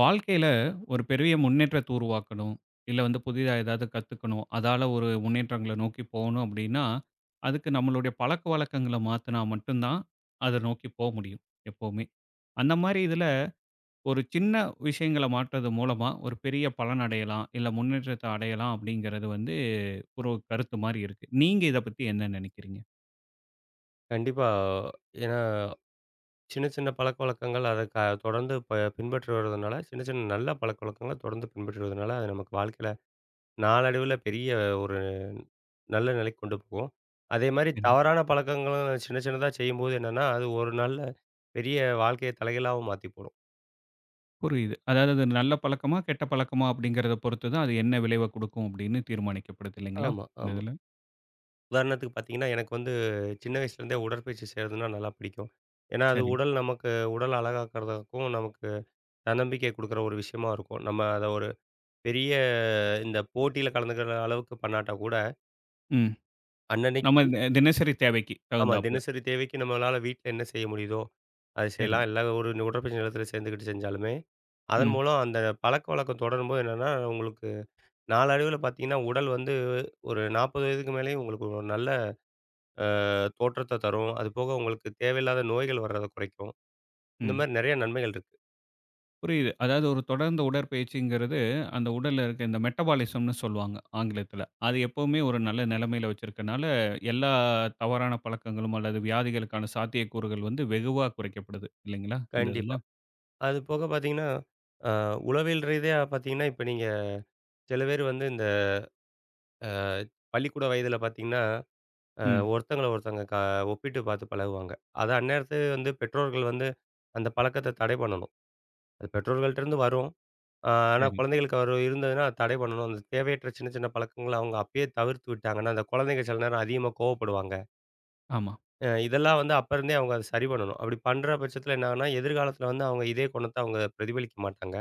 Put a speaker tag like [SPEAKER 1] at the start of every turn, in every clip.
[SPEAKER 1] வாழ்க்கையில ஒரு பெரிய முன்னேற்றத்தை உருவாக்கணும். இல்லை வந்து புதிதா ஏதாவது கத்துக்கணும். அதால ஒரு முன்னேற்றங்களை நோக்கி போகணும் அப்படின்னா, அதுக்கு நம்மளுடைய பழக்கவழக்கங்களை மாத்தினா மட்டும் தான் அதை நோக்கி போமுடியும் எப்போவுமே. அந்த மாரி இதில ஒரு சின்ன விஷயங்களை மாற்றுது மூலமா ஒரு பெரிய பலன் அடையலாம் இல்லை முன்னேற்றத்தை அடையலாம் அப்படின்கிறது வந்து ஒரு கருத்து மாரி இருக்கு. நீங்க இதை பத்தி என்ன நினைக்கிறீங்க?
[SPEAKER 2] கண்டிப்பா ஏன்னா சின்ன சின்ன பழக்கவழக்கங்கள் அதை தொடர்ந்து ப பின்பற்றுவருவதனால சின்ன சின்ன நல்ல பழக்கவழக்கங்களை தொடர்ந்து பின்பற்றுவதனால, அது நமக்கு வாழ்க்கையில நாளடைவில பெரிய ஒரு நல்ல நிலைக்கு கொண்டு போகும். அதேமாரி
[SPEAKER 1] ம்.
[SPEAKER 2] தவறான பழக்கங்களும் சின்ன சின்னதா செய்யும்போது என்னென்னா, அது ஒரு நல்ல பெரிய வாழ்க்கையை தலைகீழாவும் மாத்திப்போடும்.
[SPEAKER 1] புரியுது. அதாவது அது நல்ல பழக்கமா, கெட்ட பழக்கமா அப்படின்கிறத பொறுத்து தான் அது என்ன விளைவை கொடுக்கும் அப்படின்னு தீர்மானிக்கப்படுது இல்லைங்களா?
[SPEAKER 2] ஆமா,
[SPEAKER 1] இந்த
[SPEAKER 2] ஆமா.
[SPEAKER 1] இதில.
[SPEAKER 2] உதாரணத்துக்கு பாத்தீங்கன்னா, எனக்கு வந்து சின்ன வயசுலேருந்தே உடற்பயிற்சி செய்யறதுனா நல்லா பிடிக்கும். ஏன்னா அது
[SPEAKER 1] சரி.
[SPEAKER 2] உடல் நமக்கு உடல் அழகாக்கறதுக்கும் நமக்கு தன்னம்பிக்கை குடுக்குற ஒரு விஷயமா இருக்கும். நம்ம அத ஒரு பெரிய இந்த போட்டியில கலந்துக்கிற அளவுக்கு பண்ணாட்டா கூட
[SPEAKER 1] ம். நம்ம
[SPEAKER 2] அன்னனைக்கு
[SPEAKER 1] இந் அ தினசரி தேவைக்கு
[SPEAKER 2] ஆமா,
[SPEAKER 1] தகுந்தாப்ல.
[SPEAKER 2] தினசரி தேவைக்கு நம்மனால வீட்டில என்ன செய்ய முடியுதோ, அத
[SPEAKER 1] சரி.
[SPEAKER 2] செய்யலாம். இல்ல ஒரு, ஒரு உடற்பயிற்சி நிலையத்தில சேர்ந்துக்கிட்டு செஞ்சாலுமே, அதன்
[SPEAKER 1] ம்.
[SPEAKER 2] மூலம் அந்த பழக்கவழக்கம் தொடரும்போது என்னன்னா, உங்களுக்கு நாளடைவில பாத்தீங்கன்னா, உடல் வந்து ஒரு 40 வயதுக்கு மேலேயும் உங்களுக்கு ஒரு நல்ல அ, தோற்றத்த தரும். அதுபோக உங்களுக்கு தேவையில்லாத நோய்கள் வர்றத குறைக்கும்,
[SPEAKER 1] ம்.
[SPEAKER 2] இந்தமாரி நிறைய நன்மைகள் இருக்கு.
[SPEAKER 1] புரியுது. அதாவது ஒரு தொடர்ந்த உடற்பயிற்சிங்கிறது அந்த உடல்ல இருக்க இந்த மெட்டபாலிசம்னு சொல்வாங்க ஆங்கிலத்தில. அது எப்பவுமே ஒரு நல்ல நிலைமையில வைத்திருப்பதனால எல்லா தவறான பழக்கங்களும் அல்லது வியாதிகளுக்கான சாத்தியக்கூறுகள் வந்து வெகுவா குறைக்கப்படுது இல்லேங்களா? இந்த
[SPEAKER 2] கண்டிப்பா,
[SPEAKER 1] இதில.
[SPEAKER 2] அது போக பார்த்தீங்கன்னா அ, உளவியல் ரீதியா பாத்தீங்கன்னா இப்ப நீங்க சில பேர் வந்து இந்த அ, பள்ளிக்கூட வயதில பாத்தீங்ன்னா அ
[SPEAKER 1] ம்.
[SPEAKER 2] ஒருத்தங்கள ஒருத்தங்க க ஒப்பிட்டு பாத்து பழகுவாங்க. அத அந்நேரத்துல வந்து பெற்றோர்கள் வந்து அந்த பழக்கத்த தடை பண்ணணும். அது பெற்றோர்கள்ட்டருந்து வரும். அ, ஆனா
[SPEAKER 1] சரி.
[SPEAKER 2] குழந்தைகளுக்கு வரும் இருந்ததுனா, அத தடை பண்ணணும். அந்த தேவையற்ற சின்ன சின்ன பழக்கங்கள அவுங்க அப்பயே தவிர்த்து விட்டாங்கன்னா, அந்த குழந்தைங்க சில நேரம் அதிகமாக கோவப்படுவாங்க.
[SPEAKER 1] ஆமா.
[SPEAKER 2] அ இதெல்லாம் வந்து அப்பருந்தே அவங்க அதை சரி பண்ணணும். அப்படி பண்ற பட்சத்தில என்ன ஆகும்னா, எதிர்காலத்தில வந்து அவங்க இதே குணத்த அவங்க பிரதிபலிக்க மாட்டாங்க.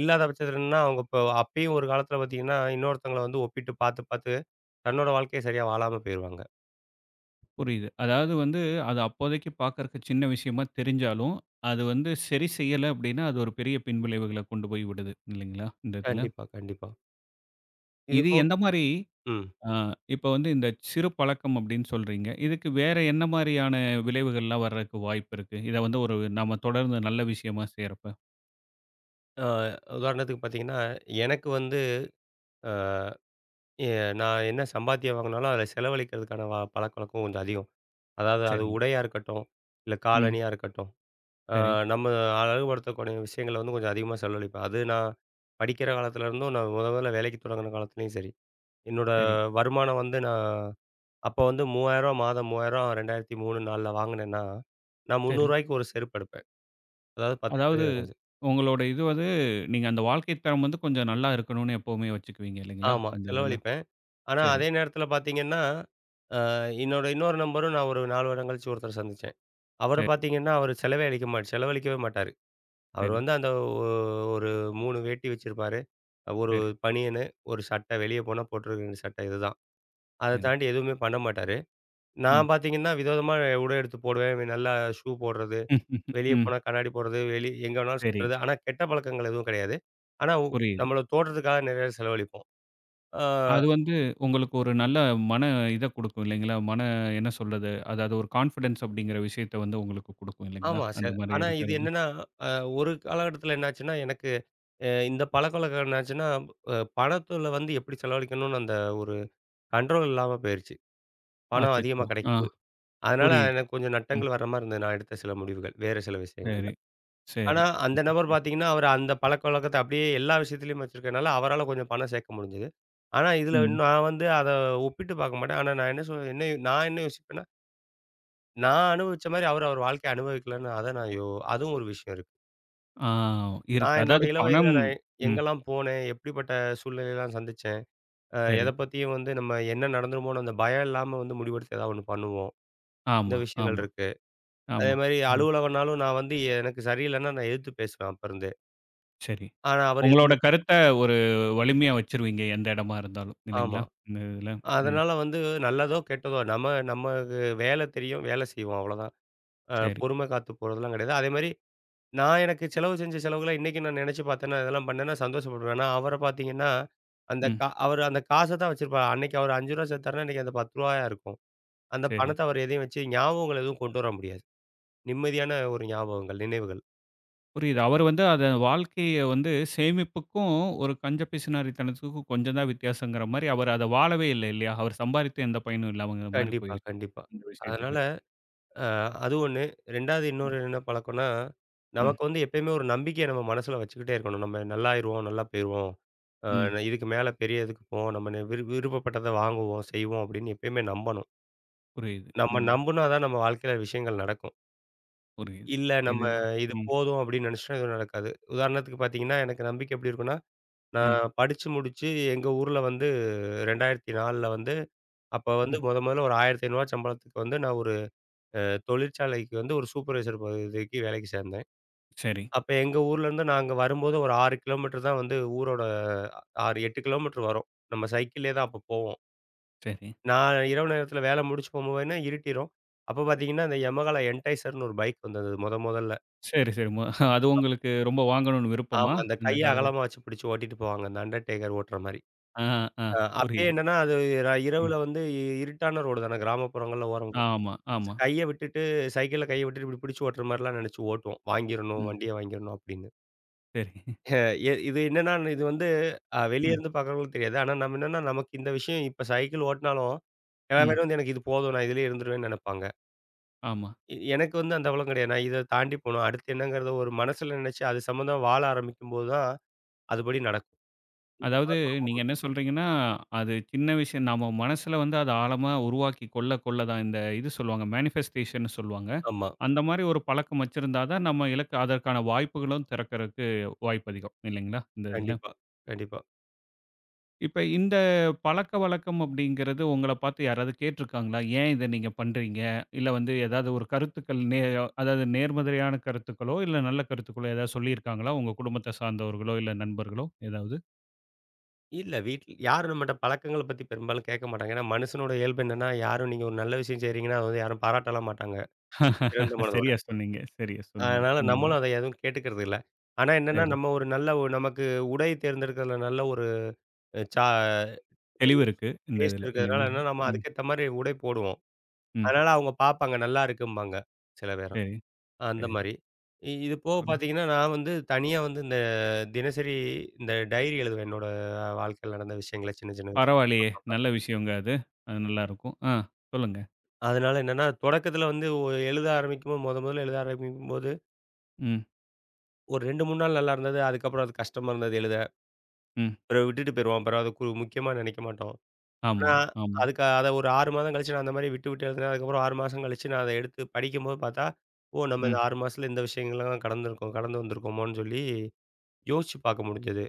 [SPEAKER 2] இல்லாத பட்சத்தில என்னன்னா அவங்க இப்ப அப்பயும் ஒரு காலத்தில பாத்தீங்கன்னா இன்னொருத்தங்கள வந்து ஒப்பிட்டு பாத்து, பாத்து தன்னோட வாழ்க்கையே சரியா வாழாம போயிருவாங்க.
[SPEAKER 1] புரியுது. அதாவது வந்து அது அப்போதைக்கு பார்க்கறதுக்கு சின்ன விஷயமா தெரிஞ்சாலும், அது வந்து சரி செய்யலை அப்படின்னா, அது ஒரு பெரிய பின்விளைவுகளை கொண்டு போய் விடுது இல்லைங்களா? இந்த இதில.
[SPEAKER 2] கண்டிப்பா, கண்டிப்பா.
[SPEAKER 1] இது
[SPEAKER 2] இதுபோ
[SPEAKER 1] எந்த மாரி
[SPEAKER 2] ம்.
[SPEAKER 1] ஆ இப்ப வந்து இந்த சிறு பழக்கம் அப்படின்னு சொல்றீங்க. இதுக்கு வேறு என்ன மாரியான விளைவுகள்லாம் வர்றதற்கு வாய்ப்பு இருக்கு. இதை வந்து ஒரு நம்ம தொடர்ந்து நல்ல விஷயமா செய்றப்ப?
[SPEAKER 2] அ உதாரணத்துக்கு பாத்தீங்கன்னா, எனக்கு வந்து அ எ நான் என்ன சம்பாத்தியம் வாங்குனாலும், அதில செலவழிக்கிறதுக்கான பழக்கவழக்கம் கொஞ்சம் அதிகம். அதாவது அது
[SPEAKER 1] சரி.
[SPEAKER 2] உடையா இருக்கட்டும். இல்ல
[SPEAKER 1] ம்.
[SPEAKER 2] காலணியா இருக்கட்டும், அ
[SPEAKER 1] சரி.
[SPEAKER 2] நம்ம அழகுபடுத்தக்கூடிய விஷயங்கள வந்து கொஞ்சம் அதிகமா செலவழிப்பேன். அது நான் படிக்கிற காலத்துலேருந்தும், நான் முதல் முதல்ல வேலைக்கு தொடங்கின காலத்திலேயும் சரி. என்னோட
[SPEAKER 1] சரி.
[SPEAKER 2] வருமானம் வந்து நான் அப்ப வந்து 3000ரூபா மாதம் 3000 2003 4 வாங்கினேன்னா, நான்
[SPEAKER 1] சரி.
[SPEAKER 2] 300ரூபாய்க்கு ஒரு செருப்பு எடுப்பேன். அதாவது
[SPEAKER 1] அதாவது
[SPEAKER 2] 10% [unintelligible]
[SPEAKER 1] உங்களுடைய இது வந்து, நீங்க அந்த வாழ்க்கை தரம் வந்து கொஞ்சம் நல்லா இருக்கணும்னு எப்பவுமே வச்சுக்குவிங்க இல்லைங்களா?
[SPEAKER 2] ஆமா,
[SPEAKER 1] இந்த இதில.
[SPEAKER 2] செலவழிப்பேன். ஆனா
[SPEAKER 1] சரி.
[SPEAKER 2] அதே நேரத்தில பாத்தீங்கன்னா, என்னோட இன்னொரு நண்பரும் நான் ஒரு 4 வருடம் கழிச்சு ஒருத்தர சந்திச்சேன். அவரை
[SPEAKER 1] சரி.
[SPEAKER 2] பாத்திங்கன்னா அவர் செலவே அழிக்க மாட்ட செலவழிக்கவே மாட்டாரு. அவர்
[SPEAKER 1] சரி.
[SPEAKER 2] வந்து அந்த ஒ ஒரு 3 வேட்டி வச்சிருப்பார். 1
[SPEAKER 1] சரி.
[SPEAKER 2] பனியனு, 1 சட்டை வெளிய போனா போட்டுருக்க வேண்டிய சட்டை இதுதான். அத
[SPEAKER 1] சரி.
[SPEAKER 2] தாண்டி எதுவுமே பண்ண மாட்டாரு.
[SPEAKER 1] ம்.
[SPEAKER 2] நான் பாத்தீங்கன்னா வித விதமா அ உடை எடுத்து போடுவேன். நல்லா ஷூ போடுறது, வெளிய
[SPEAKER 1] ம்.
[SPEAKER 2] போனா கண்ணாடி போடுறது, வெளி எங்க வேணாலும்
[SPEAKER 1] சரி.
[SPEAKER 2] சுத்துறது. ஆனா கெட்ட பழக்கங்கள் எதுவும் கிடையாது. ஆனா உ
[SPEAKER 1] புரியுது.
[SPEAKER 2] நம்மளோட தோற்றதுக்காக நிறைய செலவழிப்போம். ஆ
[SPEAKER 1] அது வந்து உங்களுக்கு ஒரு நல்ல மன இத குடுக்கும் இல்லைங்களா? "மன என்ன சொல்வது அதாவது ஒரு கான்ஃபிடன்ஸ் அப்படிங்கிற விஷயத்த வந்து உங்களுக்கு குடுக்கும் இல்லைங்களா?"
[SPEAKER 2] ஆமா
[SPEAKER 1] அந்த
[SPEAKER 2] சார்.
[SPEAKER 1] மாரி
[SPEAKER 2] ஆனா இது
[SPEAKER 1] இருக்கிறது.
[SPEAKER 2] என்னன்னா ஒரு காலகட்டத்தில என்னாச்சுன்னா, எனக்கு இந்த பழக்கவழக்கம் என்னாச்சுன்னா, பணத்தில வந்து எப்படி செலவழிக்கணும்னு அந்த ஒரு கண்ட்ரோல் இல்லாம பேயிருச்சு பணம் அதிகமா
[SPEAKER 1] அச்சச்சோ! ஆ,
[SPEAKER 2] கிடைக்கும் போது. அதனால
[SPEAKER 1] புரியுது.
[SPEAKER 2] எனக்கு கொஞ்சம்
[SPEAKER 1] ம்.
[SPEAKER 2] நட்டங்கள் வர்ற மாரி இருந்தது, நான் எடுத்த சில முடிவுகள் வேறு சில விஷயங்கள்ல.
[SPEAKER 1] சரி,
[SPEAKER 2] ஆனா
[SPEAKER 1] சரி.
[SPEAKER 2] அந்த நபர் பார்த்தீங்கன்னா அவர் அந்த பழக்கவழக்கத்தை அப்படியே எல்லா விஷயத்திலேயும் வச்சுருக்கதுனால, அவரால கொஞ்சம் பணம் சேர்க்க முடிஞ்சுது. ஆனா இதில
[SPEAKER 1] ம்.
[SPEAKER 2] இன்னும் நான் வந்து அதை ஒப்பிட்டு பார்க்க மாட்டேன். ஆனா நான் என்ன சொல் என்ன நான் என்ன யோசிப்பேன்னா நான் அனுபவிச்ச மாரி அவரு, அவரு வாழ்க்கைய அனுபவிக்கல அதான் நான் யோ அதுவும் ஒரு விஷயம் இருக்கு.
[SPEAKER 1] ஆ இருக்கு.
[SPEAKER 2] நான் என்னோட
[SPEAKER 1] அதாவது
[SPEAKER 2] இளவயதில,
[SPEAKER 1] பணம்
[SPEAKER 2] நான்
[SPEAKER 1] ம்.
[SPEAKER 2] எங்கலாம் போனேன். எப்படிப்பட்ட சூழ்நிலையெல்லாம் சந்திச்சேன். அ
[SPEAKER 1] சரி.
[SPEAKER 2] எத பத்தியும் வந்து நம்ம என்ன நடந்துருமோனு, அந்த பயம் இல்லாம வந்து முடிவெடுத்து, ஏதாவது ஒண்ணு பண்ணுவோம். இந்த
[SPEAKER 1] ஆமா,
[SPEAKER 2] விஷயங்கள்
[SPEAKER 1] ஆமா,
[SPEAKER 2] இருக்கு.
[SPEAKER 1] ஆமா,
[SPEAKER 2] அதேமாரி
[SPEAKER 1] ஆமா.
[SPEAKER 2] அலுவலகம்னாலும், நான் வந்து எனக்கு சரியில்லனா, நான் எதித்து பேசுவேன் அப்ப இருந்தே!
[SPEAKER 1] சரி.
[SPEAKER 2] ஆனா. அவரு
[SPEAKER 1] உங்களோட
[SPEAKER 2] எதுமே பேச மா
[SPEAKER 1] கருத்த ஒரு வலிமையா வச்சுருவீங்க, எந்த எடமா இருந்தாலும்.
[SPEAKER 2] ஆமா.
[SPEAKER 1] இல்லைங்களா? இந்த இதில. ம்.
[SPEAKER 2] அதனால வந்து நல்லதோ கெட்டதோ, நம்ம நமக்கு வேல தெரியும். வேல செய்வோம் அவ்ளோதான். அ
[SPEAKER 1] சரி.
[SPEAKER 2] பொறுமை காத்து போறதெல்லாம் கெடையாது. அதேமாரி நான் எனக்கு செலவு செஞ்ச செலவுகள இன்னைக்கும் நான் நெனச்சு பாத்தேன்னா, இதெல்லாம் பண்ணேன்னா சந்தோஷப்படுவேன். ஆனா அவர பாத்தீங்கன்னா, அந்த
[SPEAKER 1] ம்.
[SPEAKER 2] கா அவரு அந்த காச தான் வச்சிருப்பார். அன்னைக்கு அவரு ரூ. 5 சேர்த்தாருன்னா, இன்னைக்கு அது ரூ. 10யா இருக்கும். அந்த
[SPEAKER 1] சரி.
[SPEAKER 2] பணத்த அவரு எதையும் வச்சு ஞாபகங்கள் எதுவும் கொண்டு வர முடியாது. நிம்மதியான ஒரு ஞாபகங்கள் நினைவுகள்.
[SPEAKER 1] புரியுது. அவரு வந்து அத வாழ்க்கைய வந்து சேமிப்புக்கும், ஒரு கஞ்ச பிசுனாரித்தனத்துக்கும் கொஞ்சந்தான் வித்தியாசங்கிற மாரி, அவரு அத வாழவே இல்ல இல்லையா? அவரு சம்பாரித்து எந்த பயனும் இல்லாமங்கிற மாரி
[SPEAKER 2] கண்டிப்பா
[SPEAKER 1] போயி
[SPEAKER 2] கண்டிப்பா.
[SPEAKER 1] இந்த விஷயத்துக்கு.
[SPEAKER 2] அதனால அ அது ஒண்ணு 2வது இன்னொரு
[SPEAKER 1] ம்
[SPEAKER 2] என்ன பழக்கன்னா,
[SPEAKER 1] ம்.
[SPEAKER 2] நமக்கு வந்து எப்பயுமே ஒரு நம்பிக்கைய நம்ம மனசுல வச்சுக்கிட்டே இருக்கணும். “நம்ம நல்லாருவோம், நல்லா போயிருவோம். அ
[SPEAKER 1] ம்.
[SPEAKER 2] நா இதுக்கு மேல பெரிய இதுக்கு போவோம். நம்ம ந விரு விருப்பப்பட்டத வாங்குவோம், செய்வோம்” அப்படின்னு எப்பயுமே நம்பணும்.
[SPEAKER 1] புரியிது.
[SPEAKER 2] நம்ம
[SPEAKER 1] ம்.
[SPEAKER 2] நம்புனாதான், நம்ம வாழ்க்கையில விஷயங்கள் நடக்கும்.
[SPEAKER 1] புரியிது.
[SPEAKER 2] இல்ல,
[SPEAKER 1] இது
[SPEAKER 2] நம்ம "இது
[SPEAKER 1] ம்.
[SPEAKER 2] போதும்" அப்டின்னு நினச்சிட்டா எதுவும் நடக்காது. உதாரணத்துக்கு பார்த்தீங்கன்னா, எனக்கு நம்பிக்க எப்படி இருக்கும்னா,
[SPEAKER 1] ம்.
[SPEAKER 2] நான் படிச்சு முடிச்சு எங்க ஊர்ல வந்து 2004ல வந்து அப்ப வந்து
[SPEAKER 1] ம்.
[SPEAKER 2] மொத மொதல்ல ஒரு ரூ. 1,500 சம்பளத்துக்கு வந்து நான் ஒரு அ தொழிற்சாலைக்கு வந்து, ஒரு சூப்பர்வைசர் பதவிக்கு வேலைக்கு சேந்தேன்.
[SPEAKER 1] சரி.
[SPEAKER 2] அப்ப எங்க ஊர்லேருந்து நாங்க வரும்போது ஒரு 6 கிலோமீட்டர் தான் வந்து ஊரோட அ 6, 8 கிலோமீட்டர் வரும். நம்ம சைக்கிள்லேயே தான் அப்ப போவோம்.
[SPEAKER 1] சரி.
[SPEAKER 2] நான் இரவு நேரத்தில வேல முடிஞ்சு போகும்போதெலாம் இருட்டிரும். அப்ப பார்த்தீ்ங்கன்னா, இந்த Yamaha என்டைசர்னு ஒரு பைக் வந்தது மொத மொதல்ல.
[SPEAKER 1] சரி, சரி. மு அது
[SPEAKER 2] ஆமா.
[SPEAKER 1] உங்களுக்கு ரொம்ப வாங்கணும்னு விருப்பமா?
[SPEAKER 2] ஆமா. அந்த
[SPEAKER 1] இந்த
[SPEAKER 2] கைய
[SPEAKER 1] கால
[SPEAKER 2] அகலமா வச்சு பிடிச்சு ஓட்டிட்டு போவாங்க, அந்த அண்டர்டேக்கர் ஓட்டுற மாரி.
[SPEAKER 1] அ, அ.
[SPEAKER 2] அ அப்பயே
[SPEAKER 1] புரியிது.
[SPEAKER 2] என்னன்னா அது ர
[SPEAKER 1] ம்.
[SPEAKER 2] இரவுல வந்து இருட்டான ரோடுதான! கிராமப்புறங்கள்ல ஓரம் போ
[SPEAKER 1] ஆமா,
[SPEAKER 2] ஸ்
[SPEAKER 1] ஆமா.
[SPEAKER 2] கைய விட்டுட்டு சைக்கிள்ல கைய விட்டுட்டு, இப்படி பிடிச்சு ஓட்டுற மாதிரிலாம் நெனச்சு ஓட்டுவோம். வாங்கிறணும்
[SPEAKER 1] ம்.
[SPEAKER 2] வண்டிய வாங்கிறணும் அப்படின்னு.
[SPEAKER 1] சரி
[SPEAKER 2] எ இது என்னன்னா, இது வந்து அ வெளியே
[SPEAKER 1] ம்.
[SPEAKER 2] இருந்து பார்க்கிறவங்களுக்கு தெரியாது. ஆனா நாம என்னன்னா, நமக்கு இந்த விஷயம், இப்ப சைக்கிள் ஓட்னாலும் எல்லார்
[SPEAKER 1] ம்.
[SPEAKER 2] மாதிரியும் வந்து, எனக்கு இது போதும். நான் இதுலேயே இருந்துருவேன்னு நெனப்பாங்க.
[SPEAKER 1] ஆமா.
[SPEAKER 2] எ எனக்கு வந்து அந்த அளவெல்லாம் கிடையாது. நான் இதை தாண்டி போணும், அடுத்து என்னங்கிறதை ஒரு மனதில் நினைச்சு அது சம்மந்தமா வாழ ஆரம்பிக்கும் போது தான் அதுபடி நடக்கும்.
[SPEAKER 1] அதாவது நீங்க
[SPEAKER 2] [unintelligible]
[SPEAKER 1] என்ன சொல்றீங்கனா, அது சின்ன விஷயம் நம்ம மனசில வந்து அத ஆழமா உருவாக்கி கொள்ள கொள்ள தான் இந்த இது சொல்வாங்க, மேனிஃபஸ்டேஷண்ணு சொல்வாங்க.
[SPEAKER 2] ஆமா.
[SPEAKER 1] அந்த மாரி ஒரு பழக்கம் வைச்சிருந்தா தான் நம்ம இலக்கு, அதற்கான வாய்ப்புகளும் திறக்கறதுக்கு வாய்ப்பு அதிகம் இல்லைங்களா, இந்த இதில.
[SPEAKER 2] கண்டிப்பா, கண்டிப்பா.
[SPEAKER 1] இப்ப இந்த பழக்கவழக்கம் அப்படின்கிறது, உங்களை பார்த்து யாராவது கேட்டு இருக்காங்களா? ஏன் இதை நீங்க பண்ணுறீங்க? இல்ல வந்து ஏதாவது ஒரு கருத்துக்கள் நேய [unintelligible] அதாவது நேர்மறையான கருத்துக்களோ, இல்ல நல்ல கருத்துக்களோ ஏதாவது சொல்லி இருக்காங்களா உங்க குடும்பத்தை சார்ந்தவர்களோ இல்ல நண்பர்களோ ஏதாவது?
[SPEAKER 2] இல்லை, வீட் யாரும் நம்ம கிட்ட பழக்கங்களைப் பத்தி பெரும்பாலும் கேட்க மாட்டாங்க. ஏன்னா மனுஷனோட இயல்பு என்னென்னா, யாரும் நீங்க ஒரு நல்ல விஷயம் செய்கிறீங்கன்னா அதை வந்து யாரும் பாராட்டலாம் மாட்டாங்க. திறந்த மனதோட.
[SPEAKER 1] சரியா சொன்னீங்க சரியா சொன்னீங்க.
[SPEAKER 2] அதனால்
[SPEAKER 1] ம்.
[SPEAKER 2] நம்மளும் அதை எதுவும் கேட்டுக்கிறது இல்ல. ஆனா என்னன்னா
[SPEAKER 1] சரி.
[SPEAKER 2] நம்ம ஒரு நல்ல நமக்கு உடை தேர்ந்தெடுக்கிறதில நல்ல ஒரு சா
[SPEAKER 1] தெளிவு இருக்கு இந்த
[SPEAKER 2] டேஸ்ட்
[SPEAKER 1] இதில
[SPEAKER 2] இருக்கிறதுனால
[SPEAKER 1] இல்லைங்களா?
[SPEAKER 2] என்னன்னா நம்ம
[SPEAKER 1] ம்.
[SPEAKER 2] அதுக்கேத்த மாதிரி உடை போடுவோம்.
[SPEAKER 1] ம்.
[SPEAKER 2] அதனால அவங்க பார்ப்பாங்க, நல்லாயிருக்குபாங்க சில பேர்
[SPEAKER 1] சரி, சரி.
[SPEAKER 2] அந்தமாரி. இது போக
[SPEAKER 1] [unintelligible]
[SPEAKER 2] பாத்தீங்கன்னா நான் வந்து தனியா வந்து இந்த தினசரி இந்த டைரி எழுதுவேன் என்னோட வாழ்க்கையில நடந்த விஷயங்களை சின்ன சின்னது
[SPEAKER 1] பரவாயில்லையே!
[SPEAKER 2] அப்பப்ப
[SPEAKER 1] நல்ல விஷயங்க அது. அது நல்லாயிருக்கும், ஆ சொல்லுங்க.
[SPEAKER 2] அதுனால என்னன்னா, தொடக்கத்தில வந்து ஒ எழுத ஆரம்பிக்கும்போது மொத மொதல்ல எழுத ஆரம்பிக்கும்போது
[SPEAKER 1] ம்.
[SPEAKER 2] ஒரு 2, 3 நாள் நல்லா இருந்தது. அதுக்கப்புறம் அது கஷ்டமா இருந்தது எழுத.
[SPEAKER 1] ம்.
[SPEAKER 2] பிறவு விட்டுட்டு போயிருவோம். பிறவு அதுக்கு ஒரு முக்கியமா நெனைக்க மாட்டோம்.
[SPEAKER 1] ஆமா,
[SPEAKER 2] ஆனா,
[SPEAKER 1] ஆமா.
[SPEAKER 2] அதுக்கு அத ஒரு 6 மாதம் கழிச்சு, நான் அந்த மாதிரி விட்டுட்டு எழுதினேன். அதுக்கப்புறம் 6 மாசம் கழிச்சு நான் அத எடுத்து படிக்கும்போது பார்த்தா, ஓ! நம்ம இத
[SPEAKER 1] ம்.
[SPEAKER 2] 6 மாசத்தில இந்த விஷயங்கள்லாம் கடந்துருக்கோம் கடந்து வந்துருக்கோமோனு சொல்லி யோசிச்சு பார்க்க முடிஞ்சது.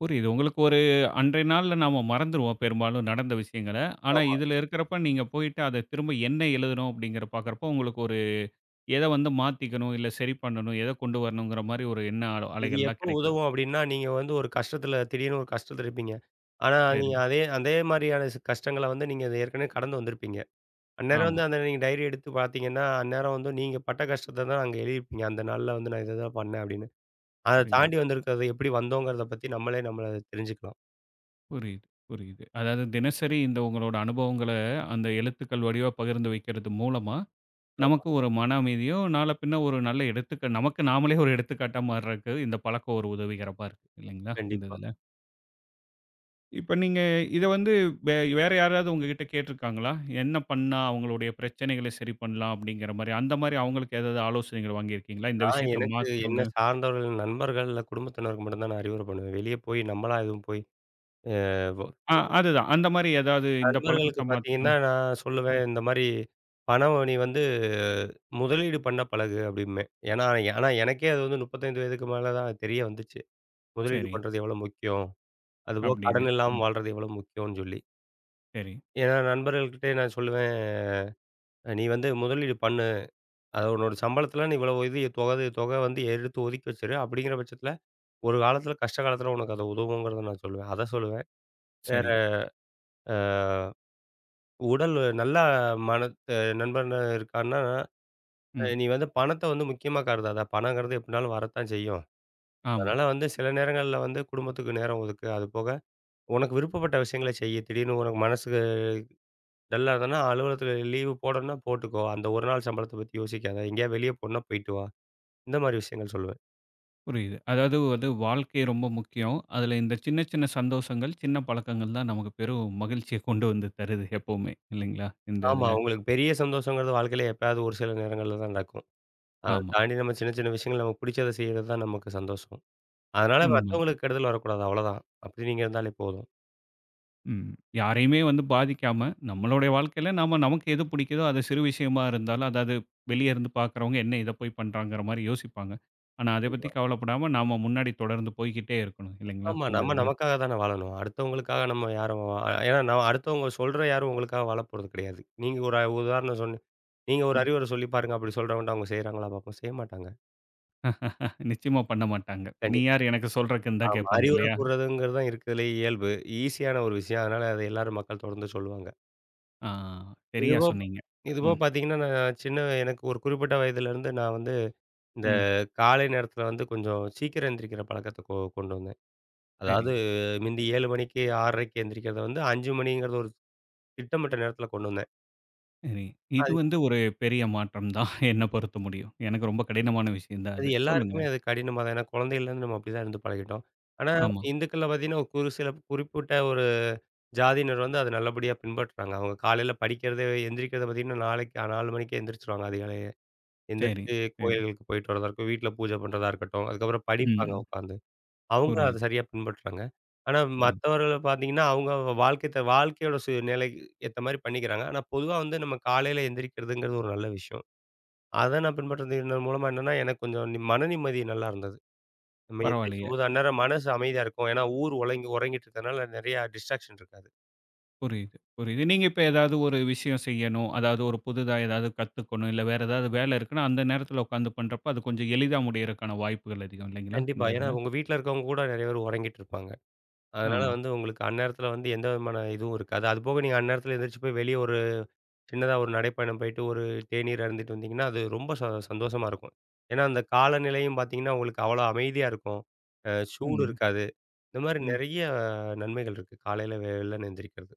[SPEAKER 1] புரியுது உங்களுக்கு ஒரு அன்றைய நாள்ல நாம மறந்துருவோம், பெரும்பாலும் நடந்த விஷயங்கள. ஆனா
[SPEAKER 2] ஆமா.
[SPEAKER 1] இதில இருக்கிறப்ப, நீங்க போய்ட்டு அத திரும்ப என்ன எழுதனோம் அப்படிங்கிறத பார்க்கிறப்போ, உங்களுக்கு ஒரு எத வந்து மாத்திக்கணும்? இல்ல சரி பண்ணணும்? எத கொண்டு வரணும்ங்கிற மாதிரி ஒரு எண்ண அலோ
[SPEAKER 2] இது
[SPEAKER 1] அலைகள்லாம்
[SPEAKER 2] எப்போ
[SPEAKER 1] கிடைக்குது?
[SPEAKER 2] உதவும் அப்படின்னா, நீங்க வந்து ஒரு கஷ்டத்தில திடீர்னு ஒரு கஷ்டத்தில் இருப்பீங்க. ஆனா, நீங்க
[SPEAKER 1] சரி.
[SPEAKER 2] அதே அதே மாதிரியான சி கஷ்டங்கள வந்து நீங்க ஏற்கனவே கடந்து வந்திருப்பீங்க. அந்நேரம்
[SPEAKER 1] ஆமா.
[SPEAKER 2] வந்து அந்த நீங்க டைரி எடுத்து பார்த்தீங்கன்னா, அந்நேரம் வந்து நீங்க பட்ட கஷ்டத்த தான் அங்க எழுதிருப்பீங்க. அந்த நாள்ல வந்து, “நான் இததான் பண்ணேன்” அப்படின்னு. அத
[SPEAKER 1] புரியுது.
[SPEAKER 2] தாண்டி வந்திருக்கிறது எப்படி வந்தோங்கிறத நம்மளே நம்மள அத தெரிஞ்சுக்கலாம்.
[SPEAKER 1] புரியுது, புரியுது. அதாவது தினசரி இந்த உங்களோட அனுபவங்கள அந்த எழுத்துக்கள் வடிவா பகிர்ந்து வைக்கிறது மூலமா,
[SPEAKER 2] ஆமா.
[SPEAKER 1] நமக்கு ஒரு மன அமைதியும், நாள பின்ன ஒரு நல்ல எடுத்துக்கு நமக்கு நாமலே ஒரு எடுத்துக்காட்டா மாறுவதற்கு இந்த பழக்கம் ஒரு உதவிகரமா இருக்கு இல்லைங்களா? இந்த
[SPEAKER 2] கண்டிப்பா.
[SPEAKER 1] இதில. இப்ப நீங்க, இத வந்து வே வேற யாராவது உங்ககிட்ட கேட்டிருக்காங்களா? என்ன பண்னா அவங்களுடைய பிரச்சனைகளை சரி பண்ணலாம் அப்டின்கிற மாரி. அந்த மாரி அவங்களுக்கு ஏதாவது ஆலோசனைகள் வாங்கி இருக்கீங்களா? இந்த
[SPEAKER 2] நான்
[SPEAKER 1] விஷயத்த
[SPEAKER 2] எனக்கு
[SPEAKER 1] மாத்திகோங்க.
[SPEAKER 2] என்னை சார்ந்தவர்கள், நண்பர்கள் இல்ல குடும்பத்தினருக்கு மட்டும் தான் நான் அறிவுர பண்ணுவேன். வெளியே போய் நம்மளா எதுவும் போய் அ வ
[SPEAKER 1] ஆ. அதுதான் அந்த மாரி ஏதாது இந்த பழக்கத்த
[SPEAKER 2] நண்பர்களுக்கு
[SPEAKER 1] மாத்ங்க.
[SPEAKER 2] பார்த்தீங்கன்னா, நான் சொல்லுவேன்
[SPEAKER 1] ம்.
[SPEAKER 2] இந்த மாரி "பணம் நீ வந்து முதலீடு பண்ண பழகு" அப்படிம்பேன். ஏன்னா ஆனா எனக்கே அது வந்து 35 வயதுக்கு மேல தான் தெரிய வந்துச்சு. முதலீடு
[SPEAKER 1] சரி.
[SPEAKER 2] பண்ணுறது எவ்வளோ முக்கியம். அதுபோக
[SPEAKER 1] அப்டின்னு.
[SPEAKER 2] கடன் இல்லாம
[SPEAKER 1] ம்.
[SPEAKER 2] வாழ்றது எவ்வளோ முக்கியம்னு சொல்லி.
[SPEAKER 1] சரி.
[SPEAKER 2] ஏன்னா நண்பர்கள்கிட்டயே நான் சொல்லுவேன். "நீ வந்து முதலீடு பண்ணு. அது உன்னோட சம்பளத்துல நீ இவ்வளோ இது தொக இது தொக வந்து எடுத்து ஒதுக்கி வச்சுறு. அப்டிங்கிற பட்சத்தில, ஒரு காலத்தில கஷ்ட காலத்தில உனக்கு அது உதவுங்கிறத" நான் சொல்லுவேன் அதை சொல்லுவேன். வேற,
[SPEAKER 1] சரி.
[SPEAKER 2] ஆ உடல் நல்லா மனத் நண்பன் இருக்கான்னா
[SPEAKER 1] ம்.
[SPEAKER 2] "நீ வந்து பணத்த வந்து முக்கியமா கருதாத. பணங்கிறது எப்படினாலும் வரத்தான் செய்யும்.
[SPEAKER 1] ஆமா.
[SPEAKER 2] அதனால வந்து சில நேரங்கள்ல வந்து குடும்பத்துக்கு நேரம் ஒதுக்கு. அது போக, உனக்கு விருப்பப்பட்ட விஷயங்கள செய்யி. திடீர்னு உனக்கு மனசு டல்லா இருந்தனா, அலுவலகத்தில லீவு போடணுனா போட்டுக்கோ. அந்த ஒரு நாள் சம்பளத்த பத்தி யோசிக்காத எங்கேயாது வெளிய போகணும்னா போயிட்டு வா." இந்த மாதிரி விஷயங்கள் சொல்லுவேன்.
[SPEAKER 1] புரியுது. அதாவது வந்து வாழ்க்கை ரொம்ப முக்கியம். அதுல இந்த சின்ன சின்ன சந்தோஷங்கள், சின்ன பழக்கங்கள்தான் நமக்கு பெரும் மகிழ்ச்சிய கொண்டு வந்து தருது எப்பவுமே, இல்லைங்களா இந்த
[SPEAKER 2] ஆமா.
[SPEAKER 1] இதுல?
[SPEAKER 2] உங்களுக்கு பெரிய சந்தோஷங்கிறது வாழ்க்கையில எப்பயாவது ஒரு சில நேரங்கள்லதான் நடக்கும். அத
[SPEAKER 1] ஆமா.
[SPEAKER 2] தாண்டி நம்ம சின்ன சின்ன விஷயங்கள்ல நமக்கு புடிச்சதை செய்றதுதான் நமக்கு சந்தோஷம். அதுனால,
[SPEAKER 1] உண்ம.
[SPEAKER 2] மத்தவங்களுக்கு, கெடுதல் வரக்கூடாது அவ்ளதான். அப்படி நீங்க இருந்தாலே போதும்.
[SPEAKER 1] ம். யாரையுமே வந்து பாதிக்காம, நம்மோளட வாழ்க்கையில, நாம நமக்கு எது பிடிக்கிதோ அது சிறு விஷயமா இருந்தாலும், அதாவது வெளிய இருந்து பாக்குறவங்க, என்ன இத போய் பண்றாங்கற மாரி யோசிப்பாங்க. ஆனா, அத பத்தி
[SPEAKER 2] கண்டிப்பா.
[SPEAKER 1] கவலப்படாம நாம முன்னாடி தொடர்ந்து போய்க்கிட்டே இருக்கணும், இல்லைங்களா!
[SPEAKER 2] ஆமா.
[SPEAKER 1] இந்த
[SPEAKER 2] நம்ம
[SPEAKER 1] இதில?
[SPEAKER 2] நமக்காக தானே வாழணும்! அடுத்தவங்களுக்காக நம்ம யாரும் அ யா நா அடுத்தவுங்க சொல்ற யாரும் உங்களுக்காக வாழப்போறது கிடையாது. நீங்க ஒரு உதாரணம் சொல்லு நீங்க ஒரு
[SPEAKER 1] ம்.
[SPEAKER 2] அறிவுரை சொல்லி பாருங்க, அப்புடி சொல்றவங்ட்ட. அவுங்க செய்கிறாங்களா பார்ப்போம். செய்ய மாட்டாங்க.
[SPEAKER 1] நிச்சயமா பண்ணமாட்டாங்க. நீ
[SPEAKER 2] கண்டிப்பா.
[SPEAKER 1] யாரு எனக்கு சொல்றக்குன்னு தான்
[SPEAKER 2] ஆமா.
[SPEAKER 1] கேப்பாங்க
[SPEAKER 2] அறிவுரை
[SPEAKER 1] இல்லையா?
[SPEAKER 2] கூர்றதுங்கிறதுதான் இருக்கிறதுலேயே இயல்பு ஈஸியான ஒரு விஷயம். அதனால அத எல்லாரும். மக்கள் தொடர்ந்து சொல்லுவாங்க.
[SPEAKER 1] ஆ. சரியா
[SPEAKER 2] இதுபோ ப்ப
[SPEAKER 1] சொன்னீங்க.
[SPEAKER 2] இதுபோக
[SPEAKER 1] ம்.
[SPEAKER 2] பாத்தீங்கன்னா, நான் சின்ன எனக்கு ஒரு குறிப்பிட்ட வயதிலேருந்து நா வந்து இந்த
[SPEAKER 1] ம்.
[SPEAKER 2] காலை நேரத்ல வந்து கொஞ்சம் சீக்கிரம் எந்திரிக்கிற பழக்கத்த கொ கொண்டு வந்தேன்.
[SPEAKER 1] சரி.
[SPEAKER 2] அதாவது முந்தி 7 மணிக்கு, 6:30க்கு- எந்திரிக்கிறத வந்து, 5 மணிங்கிறது ஒரு திட்டமிட்ட நேரத்ல கொண்டு வந்தேன்.
[SPEAKER 1] சரி. இது
[SPEAKER 2] அத்
[SPEAKER 1] வந்து ஒரு பெரிய மாற்றம் தான். என்ன பொறுத்த முடியும். எனக்கு ரொம்ப கடினமான விஷயந்தான்
[SPEAKER 2] அது
[SPEAKER 1] அது. சொல்லுங்க.
[SPEAKER 2] எல்லாருக்குமே அது கடினமாதான், ஏன்னா குழந்தயிலருந்து நம்ம அப்படிதான் இருந்து பழகிட்டோம். ஆனா
[SPEAKER 1] ஆமா.
[SPEAKER 2] இந்துக்கள்ல பாத்திங்கன்னா, ஒரு சில குறிப்பிட்ட ஒரு ஜாதியினர் வந்து அத நல்லபடியா பின்பற்றுறாங்க. அவுங்க காலையில படிக்கிறத எந்திரிக்கிறத பாத்தீங்கன்னா, 4க்கே- அ 4 மணிக்கே எந்திரிச்சுருவாங்க அதிகாலயே.
[SPEAKER 1] சரி,
[SPEAKER 2] எந்திரிச்சு
[SPEAKER 1] சரி.
[SPEAKER 2] கோயில்களுக்கு போயிட்டு வர்றதா இருக்கட்டும், வீட்டுல பூஜ பண்றதா இருக்கட்டும். அதுக்கப்புறம் படிப்பாங்க
[SPEAKER 1] ம்.
[SPEAKER 2] உக்காந்து. அவுங்க அத
[SPEAKER 1] புரியுது.
[SPEAKER 2] சரியா பின்பற்றுறாங்க. ஆனா
[SPEAKER 1] புரி
[SPEAKER 2] மத்தவர்கள பாத்தீங்கன்னா அவுங்கவுங்க வாழ்க்கைத்த வாழ்க்கையோட சூழ்நிலைக்கு ஏத்த மாரி பண்ணிக்கிறாங்க. ஆனா பொதுவா வந்து நம்ம காலைல எந்திரிக்கிறதுங்கிறது ஒரு நல்ல விஷயம். அத நான் பின்பற்றது இந்த மூலமா என்னென்னா எனக்கு கொஞ்சம் நி மனநிம்மதி நல்லாருந்தது. நம்ம
[SPEAKER 1] பரவால்லயே.
[SPEAKER 2] எந்திரிக்கும்போது, அந்நேரம் மனசு அமைதியா இருக்கும். ஏன்னா ஊர் உறங்கி- உறங்கிட்ருக்கனால நெறைய டிஸ்ட்ராக்க்ஷன் இருக்காது.
[SPEAKER 1] புரியுது, புரியுது. நீங்க இப்ப ஏதாவது ஒரு விஷயம் செய்யணும். அதாவது ஒரு புதிதா ஏதாவது கத்துக்கணும். இல்ல வேற ஏதாவது வேல இருக்குனா, அந்த நேரத்தில உக்கார்ந்து பண்றப்ப, அது கொஞ்சம் எளிதா முடியறக்கான வாய்ப்புகள் அதிகம் இல்லைங்களா! இந்த
[SPEAKER 2] கண்டிப்பா. ஏன்னா
[SPEAKER 1] இதுல?
[SPEAKER 2] உங்க வீட்ல இருக்கிறவங்க கூட நிறைய பேர் உறங்கிட்ருப்பாங்க. அதனால
[SPEAKER 1] ஆமா.
[SPEAKER 2] வந்து உங்களுக்கு அந்நேரத்துல வந்து எந்தவிதமான இதுவும் இருக்காது. அதுபோக நீங்க அந்நேரத்ல எந்திரிச்சி போய் வெளிய ஒரு சின்னதா ஒரு நடைப்பயணம் போயிட்டு. ஒரு தேநீர் அருந்திட்டு வந்திங்கன்னா, அது ரொம்ப ச சந்தோஷமா இருக்கும். ஏன்னா அந்த காலநிலையும் பாத்தீங்கன்னா உங்களுக்கு அவ்வளோ அமைதியா இருக்கும். அ சூடு
[SPEAKER 1] ம்.
[SPEAKER 2] இருக்காது. இந்த மாரி
[SPEAKER 1] ம்,
[SPEAKER 2] நெறைய நன்மைகள் இருக்கு, காலைல வெள்ளன எந்திரிக்கிறது.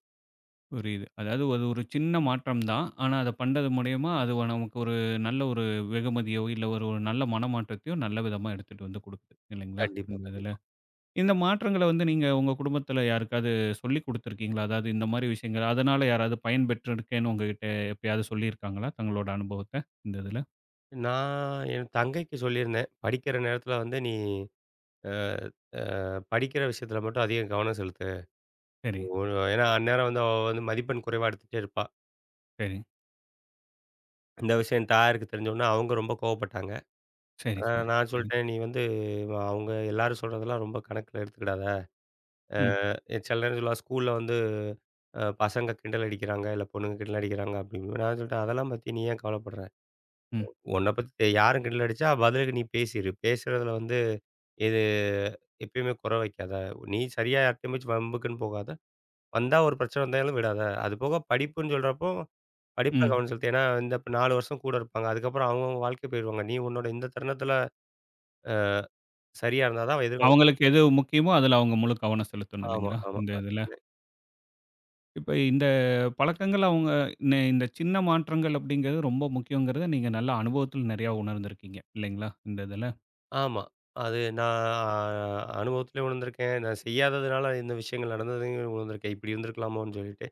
[SPEAKER 1] புரியுது. அதாவது அது ஒரு சின்ன மாற்றம்தான். ஆனா, அத பண்றது மூலியமா அது நமக்கு ஒரு நல்ல ஒரு வெகுமதியோ, இல்ல ஒரு நல்ல மனமாற்றத்தையோ, நல்ல விதமா எடுத்துட்டு வந்து கொடுக்குது இல்லைங்களா?
[SPEAKER 2] கண்டிப்பா,
[SPEAKER 1] இந்த இதில.
[SPEAKER 2] கண்டிப்பா.
[SPEAKER 1] இந்த மாற்றங்கள வந்து நீங்க உங்க குடும்பத்தில யாருக்காவது சொல்லி கொடுத்துருக்கீங்களா? அதாவது இந்த மாதிரி விஷயங்கள. அதனால "யாராவது பயன்பெற்றிருக்கேன்னு, உங்ககிட்ட எப்பயாவது சொல்லியிருக்காங்களா? தங்களோட அனுபவத்த. இந்த இதில?"
[SPEAKER 2] நான் என் தங்கைக்கு சொல்லியிருந்தேன். “படிக்கிற நேரத்தில வந்து நீ ஆ ஆ படிக்கிற விஷயத்தில மட்டும் அதிக கவனம் செலுத்து.”
[SPEAKER 1] சரி.
[SPEAKER 2] ஒரு ஏன்னா அந்நேரம் வந்து அவ வந்து மதிப்பெண் குறைவா எடுத்துட்டே இருப்பா.
[SPEAKER 1] சரி.
[SPEAKER 2] இந்த விஷயம் தாயாருக்கு தெரிஞ்சோன, அவங்க ரொம்ப கோவப்பட்டாங்க.
[SPEAKER 1] சரி,
[SPEAKER 2] அ
[SPEAKER 1] சரி,
[SPEAKER 2] நான்
[SPEAKER 1] சரி.
[SPEAKER 2] சொல்லிட்டேன், “நீ வந்து அவுங்க எல்லாரும் சொல்றதெல்லாம், ரொம்ப கணக்கில எடுத்துக்கிடாத. ஆ
[SPEAKER 1] ம்.
[SPEAKER 2] `சில நேரங்கள்ல `ஸ்கூல்ல வந்து அ பசங்க கிண்டல் அடிக்கிறாங்க, இல்ல பொண்ணுங்க கிண்டல் அடிக்கிறாங்க’ அப்படிங்கும். நான் சொல்லிட்டேன் அதெல்லாம் பத்தி நீ ஏன் கவலைப்படுற?
[SPEAKER 1] ம்.
[SPEAKER 2] உன்ன பத்தி யாரும் கிண்டல் அடிச்சா, பதிலுக்கு நீ பேசிரு. பேசுறதில வந்து, இது எப்பயுமே குறை வைக்காத. நீ சரியா யார்ட்டமாச்சும் வம்புக்குன்னு போகாத, வந்தா ஒரு பிரச்சனை வந்தா ஏதும் விடாத. அதுபோக படிப்புன்னு சொல்றப்போ, படிப்பில
[SPEAKER 1] ம்.
[SPEAKER 2] கவனம் செலுத்து. ஏன்னா இந்த 4 வருஷம் கூட இருப்பாங்க. அதுக்கப்புறம் அவங்க அவங்க வாழ்க்கை போயிடுவாங்க. நீ உன்னோட இந்த தருணத்தில ஆ சரியா இருந்தா தான் அவ எதிர்காலம்
[SPEAKER 1] அவங்களுக்கு எது முக்கியமோ, அதில அவங்க முழு கவனம் செலுத்தணும்
[SPEAKER 2] ஆமா,
[SPEAKER 1] இல்லைங்களா?
[SPEAKER 2] ஆமா.
[SPEAKER 1] இந்த இதில.
[SPEAKER 2] [unintelligible]
[SPEAKER 1] இப்ப இந்த பழக்கங்கள் அவுங்க இந் இந்த சின்ன மாற்றங்கள் அப்படின்கிறது ரொம்ப முக்கியம்கிறத நீங்க நல்ல அனுபவத்தில் நிறைய உணர்ந்து இருக்கீங்க இல்லைங்களா? இந்த இதில.
[SPEAKER 2] ஆமா. அது நான் அனுபவத்திலேயும் விழுந்திருக்கேன். நான் செய்யாததுனால இந்த விஷயங்கள் நடந்ததுலேயும் விழுந்திருக்கேன், இப்படி இருந்துருக்கலாமோன்னு சொல்லிட்டு.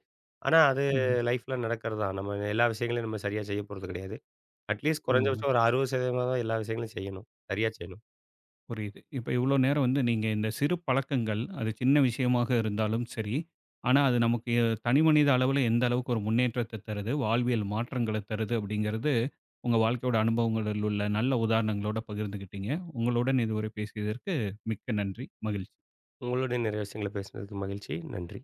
[SPEAKER 2] ஆனா அது
[SPEAKER 1] ம்.
[SPEAKER 2] லைஃப்ல நடக்கிறதுதான். நம்ம எல்லா விஷயங்களையும் நம்ம சரியா செய்யப்போறது கிடையாது. அட்லீஸ்ட் குறைஞ்ச
[SPEAKER 1] ம்.
[SPEAKER 2] பட்சம் ஒரு 60%ஆவது எல்லா விஷயங்களையும் செய்யணும் சரியா செய்யணும்.
[SPEAKER 1] புரியுது. இப்ப இவ்ளோ நேரம் வந்து நீங்க இந்த சிறு பழக்கங்கள் அது சின்ன விஷயமாக இருந்தாலும் சரி. ஆனா அது நமக்கு எ தனிமனித அளவுல எந்த அளவுக்கு ஒரு முன்னேற்றத்த தருது, வாழ்வியல் மாற்றங்கள தருது அப்படிங்கிறது, உங்க வாழ்க்கையோட அனுபவங்களில் உள்ள நல்ல உதாரணங்களோட பகிர்ந்துகிட்டீங்க. உங்களுடன் இதுவரை பேசியதற்கு மிக்க நன்றி, மகிழ்ச்சி!
[SPEAKER 2] உங்களோடும் நெறைய விஷயங்கள பேசினதுக்கு மகிழ்ச்சி, நன்றி!